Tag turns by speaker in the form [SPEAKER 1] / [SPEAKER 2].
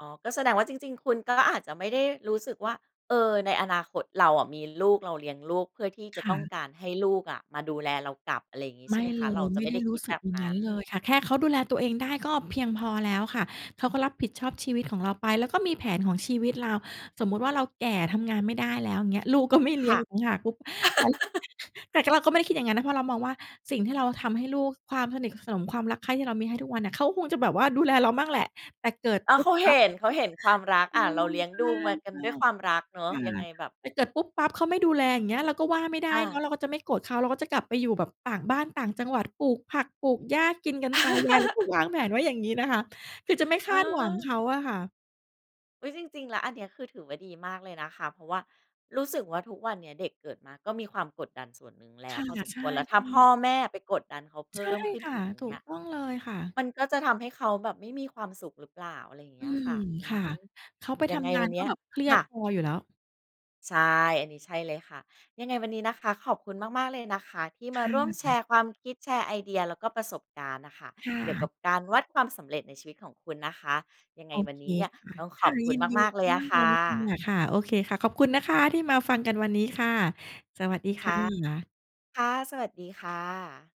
[SPEAKER 1] อ๋อ ก็แสดงว่าจริง ๆ คุณก็อาจจะไม่ได้รู้สึกว่า เออ ในอนาคตเราอะ มีลูกเราเลี้ยงลูก เพื่อที่จ
[SPEAKER 2] ค
[SPEAKER 1] ะ
[SPEAKER 2] ่
[SPEAKER 1] ต
[SPEAKER 2] ะ
[SPEAKER 1] ้องการให้ลูกอะ มาดูแลเรากลับ อะไรอย่างนี้ ใ
[SPEAKER 2] ไ
[SPEAKER 1] ช
[SPEAKER 2] ม
[SPEAKER 1] ่
[SPEAKER 2] ่
[SPEAKER 1] ไหมค
[SPEAKER 2] เล
[SPEAKER 1] ะ เรา
[SPEAKER 2] ย
[SPEAKER 1] จะ
[SPEAKER 2] ไม
[SPEAKER 1] ไ
[SPEAKER 2] ่
[SPEAKER 1] ม่
[SPEAKER 2] ได
[SPEAKER 1] ไ
[SPEAKER 2] ้
[SPEAKER 1] ด้
[SPEAKER 2] ร
[SPEAKER 1] ค
[SPEAKER 2] ู้
[SPEAKER 1] ิด
[SPEAKER 2] สึ
[SPEAKER 1] แบ
[SPEAKER 2] ก
[SPEAKER 1] บ
[SPEAKER 2] อย่า
[SPEAKER 1] น
[SPEAKER 2] งง
[SPEAKER 1] ั
[SPEAKER 2] ั้
[SPEAKER 1] ้
[SPEAKER 2] น
[SPEAKER 1] น
[SPEAKER 2] เลยค่ะ แค่เขาดูแลตัวเองได้ ก็เพียงพอแล้วค่ะ เขาก็รับผิดชอบชีวิตของเราไป แล้วก็มีแผนของชีวิตเรา สมมุติว่า เราแก่ทำงานไม่ได้แล้วเงี้ย ลูกก็ไม่เล
[SPEAKER 1] ค
[SPEAKER 2] ี้ย
[SPEAKER 1] ่
[SPEAKER 2] ง
[SPEAKER 1] ะ
[SPEAKER 2] อีกต่างหาก ปุ๊บ [unintelligible] แต่เราก็ไม่ได้คิดอย่างนั้นนะ เพราะเรามองว่า สิ่งที่เราทำให้ลูก ความสนิทสนมความรักใคร่ ที่เรามีให้ทุกวันอะ เขาคงจะแบบว่าดูแลเราบ้างแหละ แต่เกิด
[SPEAKER 1] อะ
[SPEAKER 2] ปุ๊
[SPEAKER 1] เข
[SPEAKER 2] บ
[SPEAKER 1] า
[SPEAKER 2] ป
[SPEAKER 1] เห
[SPEAKER 2] ั๊บ
[SPEAKER 1] ็น เขาเห็นความรัก
[SPEAKER 2] เอ
[SPEAKER 1] อะ เร
[SPEAKER 2] อ
[SPEAKER 1] าเลี้ยง
[SPEAKER 2] ใช
[SPEAKER 1] ด
[SPEAKER 2] ่
[SPEAKER 1] ูมากั
[SPEAKER 2] ใช
[SPEAKER 1] น
[SPEAKER 2] ่
[SPEAKER 1] ด้วยความรักเนาะ
[SPEAKER 2] ค่ะ
[SPEAKER 1] ยังไงแบบ
[SPEAKER 2] แต่เกิดปุ๊บปั๊บเขาไม่ดูแล อย่างเงี้ย เราก็ว่าไม่ได้
[SPEAKER 1] อ
[SPEAKER 2] เนาะ
[SPEAKER 1] า
[SPEAKER 2] เราก็จะไม่โกรธเขา เราก็จะกลับไปอยู่แบบต่างบ้าน ต่างจังหวัด ปลูกผัก ปลูกหญ้ากินกันตายาย ก็วางแผนไว้อย่างงี้นะคะ คือจะไม่ค
[SPEAKER 1] เ
[SPEAKER 2] าดหวังเข
[SPEAKER 1] ออ
[SPEAKER 2] าอะค่ะ
[SPEAKER 1] อุ๊ย จริง ๆ แล้ว อันนี้คือถือว่าดีมากเลยนะคะ เพราะว่ารู้สึกว่าทุกวันเนี้ย เด็กเกิดมา ก็มีความกดดันส่วนหนึ่งแล
[SPEAKER 2] ค
[SPEAKER 1] ้ว
[SPEAKER 2] ่ะ
[SPEAKER 1] พอสม
[SPEAKER 2] ใช
[SPEAKER 1] ค
[SPEAKER 2] ่
[SPEAKER 1] วร แล้วถ้
[SPEAKER 2] อ
[SPEAKER 1] า
[SPEAKER 2] ื
[SPEAKER 1] พ
[SPEAKER 2] อ
[SPEAKER 1] ่อ
[SPEAKER 2] ใช่
[SPEAKER 1] แม่ไปกดดันเขาเพ
[SPEAKER 2] ใช
[SPEAKER 1] ิ่
[SPEAKER 2] ่
[SPEAKER 1] มขึ้น
[SPEAKER 2] ค่ะ
[SPEAKER 1] อีก อย่
[SPEAKER 2] ถ
[SPEAKER 1] า
[SPEAKER 2] ู
[SPEAKER 1] งเงี้
[SPEAKER 2] ก
[SPEAKER 1] ย
[SPEAKER 2] ต้องเลยค่ะ
[SPEAKER 1] มันก็จะทำให้เขาแบบไม่มีความสุขหรือเปล่า อะไรอย่างเ
[SPEAKER 2] อ
[SPEAKER 1] ง
[SPEAKER 2] ื
[SPEAKER 1] ี้ยค
[SPEAKER 2] ม
[SPEAKER 1] ่ะ อื
[SPEAKER 2] ค่ะ
[SPEAKER 1] อ
[SPEAKER 2] เขาไป
[SPEAKER 1] ย
[SPEAKER 2] ท
[SPEAKER 1] ังไง
[SPEAKER 2] ำงา
[SPEAKER 1] ว
[SPEAKER 2] น
[SPEAKER 1] ันเ
[SPEAKER 2] ก
[SPEAKER 1] น
[SPEAKER 2] ็
[SPEAKER 1] ี้ย
[SPEAKER 2] แบบเครีย
[SPEAKER 1] ค
[SPEAKER 2] ด
[SPEAKER 1] ่ะ
[SPEAKER 2] พออยู่แล้ว
[SPEAKER 1] ใช่ อันนี้ ใช่เลยค่ะ ยังไงวันนี้นะคะ ขอบคุณมาก ๆ เลยนะคะ ที่
[SPEAKER 2] ค
[SPEAKER 1] มา
[SPEAKER 2] ่
[SPEAKER 1] ร่วมแช
[SPEAKER 2] ะ
[SPEAKER 1] ร์ความคิด แชร์ไอเดีย แล้วก็ประสบการณ์น่ะค่ะ
[SPEAKER 2] ค่
[SPEAKER 1] เกี่ยวก
[SPEAKER 2] ะ
[SPEAKER 1] ับการวัดความสำเร็จในชีวิตของคุณนะคะ ยังไง
[SPEAKER 2] โอ
[SPEAKER 1] วัน
[SPEAKER 2] เค
[SPEAKER 1] นี้เนี่ย
[SPEAKER 2] ค่ะ
[SPEAKER 1] ต้อง
[SPEAKER 2] ค
[SPEAKER 1] ข
[SPEAKER 2] ่
[SPEAKER 1] อ
[SPEAKER 2] ะ
[SPEAKER 1] บคุ
[SPEAKER 2] ย
[SPEAKER 1] ณ
[SPEAKER 2] ินดี
[SPEAKER 1] มาก ๆ เลย
[SPEAKER 2] ม
[SPEAKER 1] อ
[SPEAKER 2] า
[SPEAKER 1] ะ
[SPEAKER 2] ก
[SPEAKER 1] ค
[SPEAKER 2] ๆ เล
[SPEAKER 1] ่
[SPEAKER 2] ยค่
[SPEAKER 1] ะ
[SPEAKER 2] ะ ค่ะ โอเคค่ะ ขอบคุณนะคะ ที่มาฟังกันวันนี้ค่ะ สวัสดี
[SPEAKER 1] ค
[SPEAKER 2] ค
[SPEAKER 1] ่
[SPEAKER 2] ่
[SPEAKER 1] ะ
[SPEAKER 2] ะ
[SPEAKER 1] ค่ะ สวัสดี ค่ะ